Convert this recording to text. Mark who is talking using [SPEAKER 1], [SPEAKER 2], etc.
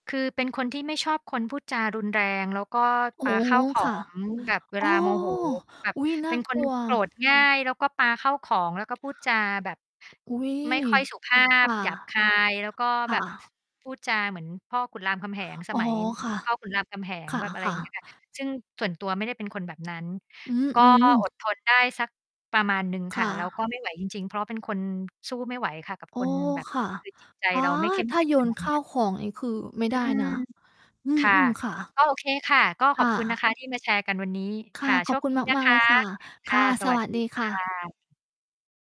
[SPEAKER 1] คือเป็นคนที่ไม่ชอบคนพูดจารุนแรง แล้วก็
[SPEAKER 2] อ๋
[SPEAKER 1] ป
[SPEAKER 2] อ
[SPEAKER 1] าข้าวขอ
[SPEAKER 2] ค่ะ
[SPEAKER 1] ง แบบเว
[SPEAKER 2] อ๋อ
[SPEAKER 1] ลาโม โห แบบ
[SPEAKER 2] อุ๊ย น่
[SPEAKER 1] เป
[SPEAKER 2] า
[SPEAKER 1] ็นค
[SPEAKER 2] กล
[SPEAKER 1] น
[SPEAKER 2] ัว
[SPEAKER 1] โกรธง่าย แล้วก็ปาข้าวของ แล้วก็พูดจาแบบ
[SPEAKER 2] อุ๊ย
[SPEAKER 1] ไม่ค่อย สุภา
[SPEAKER 2] ค
[SPEAKER 1] พ
[SPEAKER 2] ่ะ
[SPEAKER 1] หยาบคาย แล้วก็
[SPEAKER 2] ค
[SPEAKER 1] แ
[SPEAKER 2] ่
[SPEAKER 1] บ
[SPEAKER 2] ะ
[SPEAKER 1] บพูดจาเหมือนพ่อขุนรามคำแหง ส
[SPEAKER 2] อ๋อ
[SPEAKER 1] มัย
[SPEAKER 2] ค่ะ
[SPEAKER 1] พ่อขุนรามคำแห
[SPEAKER 2] ค
[SPEAKER 1] งแบบ อะไร
[SPEAKER 2] ่
[SPEAKER 1] อย
[SPEAKER 2] ะ
[SPEAKER 1] ่าง เงี้
[SPEAKER 2] ๆ
[SPEAKER 1] ย ค่ะ ซึ่งส่วนตัวไม่ได้เป็นคนแบบนั้น
[SPEAKER 2] อื
[SPEAKER 1] ก็
[SPEAKER 2] อ
[SPEAKER 1] อ
[SPEAKER 2] ๆ
[SPEAKER 1] ดทน ได้สักประมาณหนึ่ง
[SPEAKER 2] ค
[SPEAKER 1] ค่
[SPEAKER 2] ่
[SPEAKER 1] ะ แล้วก
[SPEAKER 2] ะ
[SPEAKER 1] ็ไม่ ไหว จริง ๆ เพราะเป็นคนสู้ไม่ไหวค่ะ กับ
[SPEAKER 2] โอ้
[SPEAKER 1] คนแบบ
[SPEAKER 2] ค่ะ
[SPEAKER 1] คือจิตใจ
[SPEAKER 2] อา
[SPEAKER 1] เราไม่ เข้ม
[SPEAKER 2] ถ้
[SPEAKER 1] แ
[SPEAKER 2] า
[SPEAKER 1] ข็ง
[SPEAKER 2] โย
[SPEAKER 1] ข
[SPEAKER 2] น
[SPEAKER 1] นาด
[SPEAKER 2] ข้
[SPEAKER 1] น
[SPEAKER 2] า
[SPEAKER 1] ั้
[SPEAKER 2] ว
[SPEAKER 1] น
[SPEAKER 2] ของนี่ คือไม่
[SPEAKER 1] อื
[SPEAKER 2] ได้น
[SPEAKER 1] ม
[SPEAKER 2] ะ อื
[SPEAKER 1] ค่ะ
[SPEAKER 2] ม ๆ ค่ะ
[SPEAKER 1] ก็โอเคค่ะ ก็
[SPEAKER 2] ค
[SPEAKER 1] ขอ
[SPEAKER 2] ่
[SPEAKER 1] บคุณนะ
[SPEAKER 2] ะ
[SPEAKER 1] คะ ที่มาแชร์กันวันนี้
[SPEAKER 2] ค
[SPEAKER 1] ค
[SPEAKER 2] ่ะ
[SPEAKER 1] ่ะ โ
[SPEAKER 2] ข
[SPEAKER 1] ช
[SPEAKER 2] อบ
[SPEAKER 1] ค
[SPEAKER 2] คุณ
[SPEAKER 1] ดี นะ
[SPEAKER 2] มา
[SPEAKER 1] ค
[SPEAKER 2] ก ๆ เล
[SPEAKER 1] ะ
[SPEAKER 2] ยค่ะ
[SPEAKER 1] ค
[SPEAKER 2] ค
[SPEAKER 1] ่ะ
[SPEAKER 2] ่ะ
[SPEAKER 1] ส
[SPEAKER 2] ส
[SPEAKER 1] วั
[SPEAKER 2] ว
[SPEAKER 1] ส
[SPEAKER 2] ัส
[SPEAKER 1] ดี
[SPEAKER 2] ดีค
[SPEAKER 1] ค
[SPEAKER 2] ่
[SPEAKER 1] ่
[SPEAKER 2] ะ
[SPEAKER 1] ะ